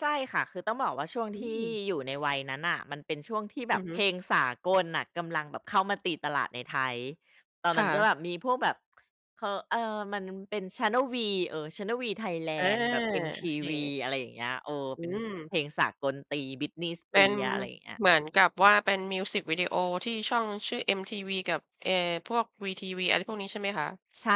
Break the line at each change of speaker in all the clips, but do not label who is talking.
ใช่ค่ะ คือต้องบอกว่าช่วง
อื
ที่
ม
อยู่ในวัยนั้นน่ะ มันเป็นช่วงที่
อ
แบ
ือ
บ
ฮ
เ
ึ
พลงสากลน่ะกำลังแบบเข้ามาตีตลาดในไทย ตอน
ค
นั้
่
นจะ
ะ
แบบมีพวกแบบ ค เอ่อ มันเป็น Channel V เออ Channel V
อา
Thailand แบบ
โอเค
MTV อะไรอย่างเงี้ย เออ
อื
เป็น
ม
เพลงสากลตี Britney
เป็น
Spears อะไรอย่างเงี้ย
เหมือนกับว่าเป็นมิวสิกวิดีโอที่ช่องชื่อ MTV กับ เอ่อ พวก VTV อะไรพวกนี้ใช่ไหมคะ?
ใช่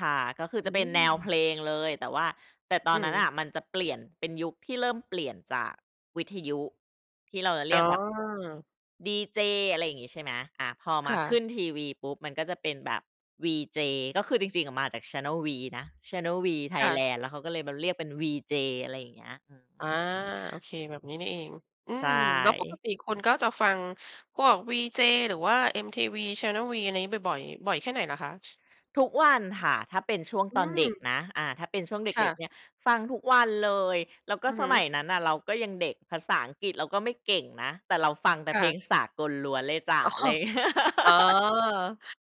ค่ะ ก็คือ
อ
จ
ื
ะเป็นแนวเพ
ม
ลงเลย แต่ว่า แต่ตอ
อื
นนั้น
ม
น่ะมันจะเปลี่ยนเป็นยุคที่เริ่มเปลี่ยนจากวิทยุ ที่เราจะเร
อ
ี
๋
ยก
อ
แบบ ดีเจ อะไรอย่างงี้ ใช่ไหม อา พอม
ค
า
่
ข
ะ
ึ้นทีวีปุ๊บมันก็จะเป็นแบบวีเจ ก็คือจริง ๆ มาจาก Channel V นะ Channel V
ค่ะ
Thailand แล้วเขาก็เลยมาเรียกเป็นวีเจ อะไรอย่างเงี้ย อือฮ
อา
ึ
โอเค แบบนี้นี่เอง อื
ใช
ม แล้วปก
่
ติคุณก็จะฟังพวกวีเจ หรือว่า MTV, Channel V อะไรนี้บ่อย ๆ บ่อยแค่ไหนเหรอคะ?
ทุกวันค่ะ ถ้าเป็นช่วง
อื
ตอนเด็ก
ม
นะ อ่า ถ้าเป็นช่วงเ
ค่
ด็ก ๆ
ะ
เนี่ย ฟังทุกวันเลย แล้วก็
อือ
ส
ฮ
ม
ึ
ัยนั้นน่ะ เราก็ยังเด็ก ภาษาอังกฤษเราก็ไม่เก่งนะ แต่เราฟังแต่
ค
เ
่
พล
ะ
งสากลล้วนเลยจ๊ะ
อ๋อ
อะไรอย่างเงี้ย
อ๋อ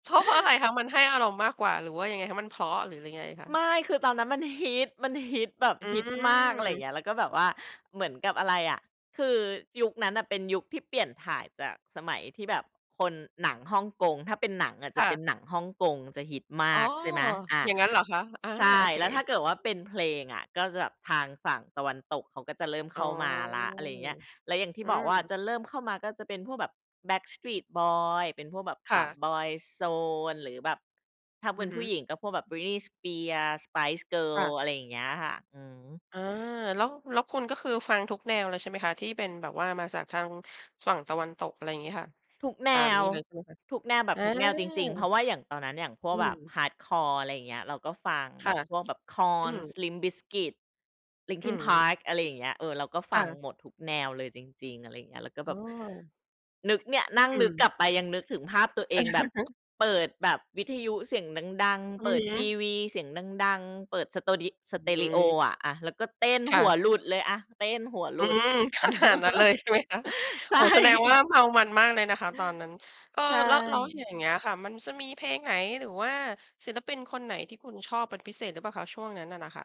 เพราะ เพราะอะไรคะ? มันให้อารมณ์มากกว่า หรือว่ายังไงคะ? มันเพราะ หรือยังไงคะ?
ไม่ คือตอนนั้นมันฮิต มันฮิตแบบ
อื
ฮิตมาก อะไรอย่า
ม
งเงี้ย แล้วก็แบบว่าเหมือนกับอะไรอะ คือยุคนั้นน่ะเป็นยุคที่เปลี่ยนถ่ายจากสมัยที่แบบคน หนังฮ่องกง ถ้าเป็นหนังอ่ะจ
ค
ะ
่
เป็น
ะ
หนังฮ่องกงจะฮิตม
อ๋
า
อ
ก ใช่ไหม อา
อย่างงั้นเหรอคะ? อา
ใช่
โอเค
แล้วถ้าเกิดว่าเป็นเพลงอ่ะ ก็จะแบบทางฝั่งตะวันตกเขาก็จะเริ่ม
อ
เข
๋อ
้ามาแล้ว อะไรอย่างเงี้ย แล้วอย่างที่
อื
บอกว่า
ม
จะเริ่มเข้ามาก็จะเป็นพวกแบบ Backstreet Boys เป็นพวกแบบ
ค
อ
่
่า
ะ
Boyzone หรือแบบ ถ้าเ
อื
ป็
อ
น
ฮ
ผู
ึ
้หญิงก็พวกแบบ Britney Spears, Spice
ค่ะ
Girls อะไรอย่างเงี้ยค่ะ อือฮึ
อา แล้ว แล้วคุณก็คือฟังทุกแนวเลยใช่ไหมคะ? ที่เป็นแบบว่ามาจากทางฝั่งตะวันตก อะไรอย่างงี้ค่ะ
ทุกแน
ตามน
ว
ี้เลยใช่ไหมคะ?
ทุกแนวแบ
อ
บทุกแนวจริง ๆ เพ
า
ราะว่าอย่างตอนนั้น อย่างพว
อ
ก
ื
แบบ
ม
ฮาร์ดคอร์ อะไรอย่างเงี้ย เราก็ฟัง
ค
แบ
่ะ
บพวกแบบ
อื
KoRn,
ม
LIMP BIZKIT,
อื
Linkin
ม
Park อะไรอย่างเงี้ย เออ เราก็ฟ
ค่
ัง
ะ
หมดทุกแนวเลยจริง ๆ อะไรอย่างเงี้ย แล้วก็
อ
แบ
้
บ
อ
นึกเนี่ย นั่ง
อ
นึ
ื
ก
ม
กลับไปยังนึกถึงภาพตัวเองแบบ เปิดแบบวิทยุเสียงดัง
อื
ๆ เปิ
อ
ด
ฮ
ที
ึ
วีเสียงดัง ๆ เปิดสโตดิ เปิดส
อื
เตรีโอ
ม
อะ อ่ะ แล้วก็เต้น
ค
ห
่
ัว
ะ
หลุดเลยอะ เต้นหัวห
อ
ล
ื
ุด
ม ขนาดนั้นเลยใช่ไหมคะ?
ใช
โอ้โ
่
ฮ แสดงว่าเมามันมากเลยนะคะตอนนั้น เออ
ใช
แล้ว แล้วอ
่
ย่างเงี้ยค่ะ มันจะมีเพลงไหน หรือว่าศิลปินคนไหน ที่คุณชอบเป็นพิเศษหรือเปล่าคะ? ช่วงนั้นน่ะ น่ะค่ะ